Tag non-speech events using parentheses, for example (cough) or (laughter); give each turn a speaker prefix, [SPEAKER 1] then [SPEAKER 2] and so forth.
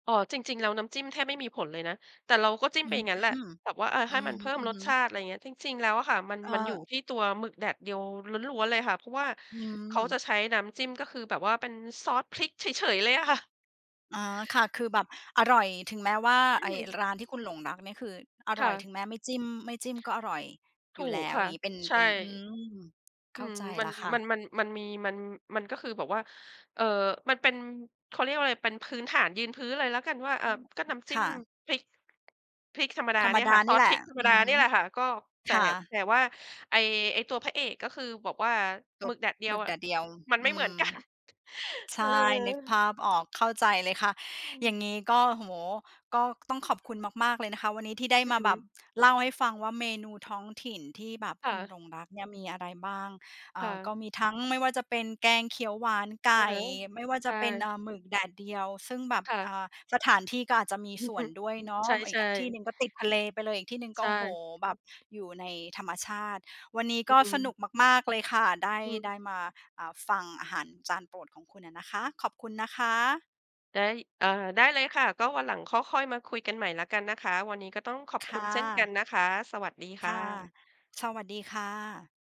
[SPEAKER 1] อ๋อ จริง ๆ แล้วน้ำจิ้มแทบไม่มีผลเลยนะ แต่เราก็จิ้
[SPEAKER 2] อ
[SPEAKER 1] ม
[SPEAKER 2] ื
[SPEAKER 1] ไป
[SPEAKER 2] ม
[SPEAKER 1] อย่างงั
[SPEAKER 2] อ
[SPEAKER 1] ้
[SPEAKER 2] ื
[SPEAKER 1] นแหละแบบว่า อา ให้ม
[SPEAKER 2] อ
[SPEAKER 1] ันเพิ่มรส
[SPEAKER 2] ฮึ
[SPEAKER 1] ช
[SPEAKER 2] ๆ
[SPEAKER 1] าติ อะไรอย่างเงี้ย จริง ๆ แล้วอะค่ะ มัน
[SPEAKER 2] เอ่
[SPEAKER 1] มันอยู่
[SPEAKER 2] อ
[SPEAKER 1] ที่ตัวหมึกแดดเดียวล้วน ๆ เลยค่ะ เพราะว่า
[SPEAKER 2] อื
[SPEAKER 1] เขา
[SPEAKER 2] ม
[SPEAKER 1] จะใช้น้ำจิ้ม ก็คือแบบว่าเป็นซอสพริกเฉย ๆ เลยอะค่ะ
[SPEAKER 2] อ๋อ ค่ะ คือแบบอร่อย ถึงแม้ว่า
[SPEAKER 1] อื
[SPEAKER 2] ไอ้
[SPEAKER 1] ม
[SPEAKER 2] ร้านที่คุณหลงรักเนี่ย คืออ
[SPEAKER 1] ค
[SPEAKER 2] ร
[SPEAKER 1] ่
[SPEAKER 2] ่อย
[SPEAKER 1] ะ
[SPEAKER 2] ถึงแม้ไม่จิ้ม ไม่จิ้มก็อร่อย
[SPEAKER 1] ถ
[SPEAKER 2] อย
[SPEAKER 1] ู
[SPEAKER 2] ู่แล
[SPEAKER 1] ก
[SPEAKER 2] ้ว
[SPEAKER 1] ค่
[SPEAKER 2] อ
[SPEAKER 1] ะ
[SPEAKER 2] ย่างงี้ เป็น
[SPEAKER 1] ใช
[SPEAKER 2] เ
[SPEAKER 1] ่
[SPEAKER 2] ป็น อืม เ
[SPEAKER 1] อ
[SPEAKER 2] ข
[SPEAKER 1] ื
[SPEAKER 2] ้า
[SPEAKER 1] ม
[SPEAKER 2] ใจ
[SPEAKER 1] มั
[SPEAKER 2] แล
[SPEAKER 1] น
[SPEAKER 2] ้วค่
[SPEAKER 1] มัน
[SPEAKER 2] ะ
[SPEAKER 1] มัน มันมี มัน มันก็คือ แบบว่า เอ่อ มันเป็น เขาเรียกว่าอะไร เป็นพื้นฐานยืนพื้นเลยแล้วกันว่า เอ
[SPEAKER 2] อ
[SPEAKER 1] ่
[SPEAKER 2] ื
[SPEAKER 1] อ
[SPEAKER 2] ม
[SPEAKER 1] ก็น้ำจ
[SPEAKER 2] ค
[SPEAKER 1] ิ้ม
[SPEAKER 2] ่ะ
[SPEAKER 1] พริก พริกธรรมดา
[SPEAKER 2] ธร
[SPEAKER 1] เ
[SPEAKER 2] ร
[SPEAKER 1] น
[SPEAKER 2] ม
[SPEAKER 1] ี่ย
[SPEAKER 2] ด
[SPEAKER 1] ค
[SPEAKER 2] า
[SPEAKER 1] ่ะ ซ
[SPEAKER 2] นี
[SPEAKER 1] อ
[SPEAKER 2] ่
[SPEAKER 1] ส
[SPEAKER 2] แหล
[SPEAKER 1] พร
[SPEAKER 2] ะ
[SPEAKER 1] ิกธรรม
[SPEAKER 2] อ
[SPEAKER 1] ด
[SPEAKER 2] ื
[SPEAKER 1] า
[SPEAKER 2] อฮ
[SPEAKER 1] เนี่
[SPEAKER 2] ึ
[SPEAKER 1] ยแหละค่ะ ก็ แต่
[SPEAKER 2] ค่ะ
[SPEAKER 1] แต่ว่า ไอ้ ไอ้ตัวพระเอก ก็คือบอกว่า
[SPEAKER 2] ต
[SPEAKER 1] หมึ
[SPEAKER 2] บ
[SPEAKER 1] กแดดเดี
[SPEAKER 2] ห
[SPEAKER 1] ย
[SPEAKER 2] ม
[SPEAKER 1] ว
[SPEAKER 2] ึก
[SPEAKER 1] อ
[SPEAKER 2] แ
[SPEAKER 1] ะ
[SPEAKER 2] ดดเดียว
[SPEAKER 1] มันไ
[SPEAKER 2] อ
[SPEAKER 1] ม่
[SPEAKER 2] ื
[SPEAKER 1] เหมือน
[SPEAKER 2] ม
[SPEAKER 1] กัน (chuckles)
[SPEAKER 2] ใช
[SPEAKER 1] เออ
[SPEAKER 2] ่ นึกภาพออก เข้าใจเลยค่ะ
[SPEAKER 1] อื
[SPEAKER 2] อย่
[SPEAKER 1] ม
[SPEAKER 2] างงี้ ก็ โอ้โฮ ก็ต้องขอบคุณมาก ๆ เลยนะคะ วันนี้ที่ได้
[SPEAKER 1] อื
[SPEAKER 2] ม
[SPEAKER 1] อ
[SPEAKER 2] า
[SPEAKER 1] ฮ
[SPEAKER 2] แบบ
[SPEAKER 1] ึ
[SPEAKER 2] เล่าให้ฟังว่า เมนูท้องถิ่นที่แบบ
[SPEAKER 1] ค่
[SPEAKER 2] คุณห
[SPEAKER 1] ะ
[SPEAKER 2] ลงรักเนี่ยมีอะไรบ้าง เอ
[SPEAKER 1] ค
[SPEAKER 2] ่
[SPEAKER 1] ่
[SPEAKER 2] อ ก
[SPEAKER 1] ะ
[SPEAKER 2] ็มีทั้ง ไม่ว่าจะเป็นแกงเขียวหวานไก
[SPEAKER 1] อะ
[SPEAKER 2] ่
[SPEAKER 1] ฮะ
[SPEAKER 2] ไม่ว่า
[SPEAKER 1] ใช
[SPEAKER 2] จะเป็น
[SPEAKER 1] ่
[SPEAKER 2] อ่า หมึกแดดเดียว ซึ่งแบบ
[SPEAKER 1] ค่
[SPEAKER 2] อ
[SPEAKER 1] ะ
[SPEAKER 2] ่า สถานที่ก็อาจจะมี
[SPEAKER 1] อื
[SPEAKER 2] ส
[SPEAKER 1] อ
[SPEAKER 2] ่
[SPEAKER 1] ฮ
[SPEAKER 2] ว
[SPEAKER 1] ึ
[SPEAKER 2] นด้วยเนาะ
[SPEAKER 1] ใช
[SPEAKER 2] อีก
[SPEAKER 1] ่
[SPEAKER 2] อ ที่ห
[SPEAKER 1] ๆ
[SPEAKER 2] นึ่งก็ติดทะเลไปเลย อีกที่หนึ่ง
[SPEAKER 1] ใ
[SPEAKER 2] ก
[SPEAKER 1] ช
[SPEAKER 2] ็ โอ้โฮ
[SPEAKER 1] ่
[SPEAKER 2] แบบอยู่ในธรรมชาติ วันนี้
[SPEAKER 1] อื
[SPEAKER 2] ก็สนุ
[SPEAKER 1] ม
[SPEAKER 2] กมาก ๆ เลยค่ะ ได้
[SPEAKER 1] อื
[SPEAKER 2] ได
[SPEAKER 1] ม
[SPEAKER 2] ้มา อ่า ฟังอาหารจานโปรดของคุณอะนะคะ ขอบคุณนะคะ
[SPEAKER 1] ได้ เอ่อ ได้เลยค่ะ ก็วันหลังค่อ ค่อยมาคุยกันใหม่แล้วกันนะคะ วันนี้ก็ต้องขอบ
[SPEAKER 2] ค
[SPEAKER 1] คุ
[SPEAKER 2] ่
[SPEAKER 1] ณเช่นกัน
[SPEAKER 2] ะ
[SPEAKER 1] นะคะ สวัสดี
[SPEAKER 2] ค
[SPEAKER 1] ค่
[SPEAKER 2] ่ะ
[SPEAKER 1] ะ
[SPEAKER 2] สวัสดีค่ะ